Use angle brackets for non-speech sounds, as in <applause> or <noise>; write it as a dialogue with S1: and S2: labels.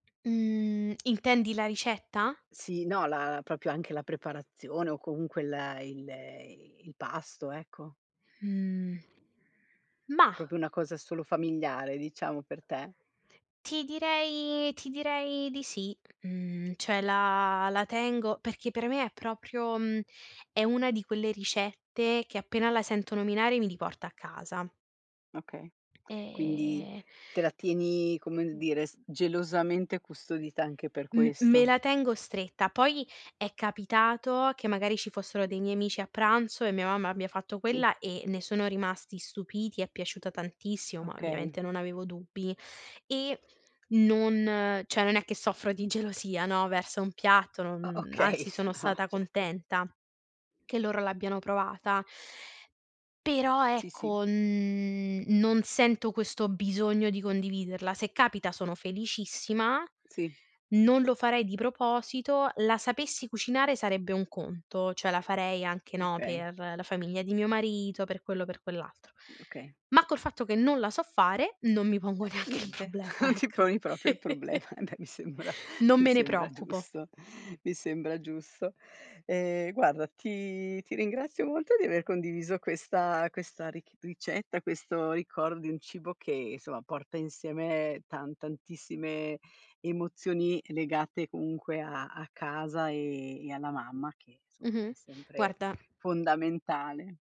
S1: Mh, intendi la ricetta?
S2: Sì, no, la proprio anche la preparazione o comunque il il il pasto, ecco.
S1: Mhmm. Mah.
S2: Proprio una cosa solo familiare, diciamo, per te?
S1: Ti direi ti direi di sì, mhmm, cioè la la tengo perché per me è proprio, mhmm, è una di quelle ricette che appena la sento nominare mi riporta a casa.
S2: Okay, quindi
S1: E
S2: te la tieni, come dire, s
S1: <unintelligible> <unintelligible>
S2: gelosamente custodita anche per
S1: M me
S2: questo.
S1: la tengo stretta, poi è capitato che magari ci fossero dei miei amici a pranzo e mia mamma abbia fatto
S2: Sì.
S1: quella e ne sono rimasti stupiti, è piaciuta tantissimo, ma
S2: Okay.
S1: ovviamente non avevo dubbi e non cioè non è che soffro di gelosia, no, verso un piatto,
S2: O
S1: non
S2: okay,
S1: anzi sono
S2: ah
S1: stata
S2: certo.
S1: contenta che loro l'abbiano provata. Però
S2: Sì, sì.
S1: ecco, n non sento questo bisogno di condividerla. Se capita sono felicissima,
S2: Sì.
S1: non lo farei di proposito, la sapessi cucinare sarebbe un conto, cioè la farei anche, no,
S2: Okay.
S1: per la famiglia di mio marito, per quello o per quell'altro.
S2: Mh, okay.
S1: Ma col fatto che non la so fare non mi pongo
S2: Eh
S1: neanche il
S2: niente,
S1: problema,
S2: non ti
S1: ecco.
S2: poni proprio il problema. Beh, mi sembra
S1: Non
S2: mi
S1: me ne
S2: sembra
S1: preoccupo.
S2: giusto, mi sembra giusto. Eh guarda, ti ti ringrazio molto di aver condiviso questa questa rich ricetta, questo ricordo di un cibo che insomma, porta insieme tan tantissime emozioni legate comunque a a casa e e alla mamma, che insomma
S1: Mh-mh,
S2: è sempre
S1: guarda
S2: fondamentale.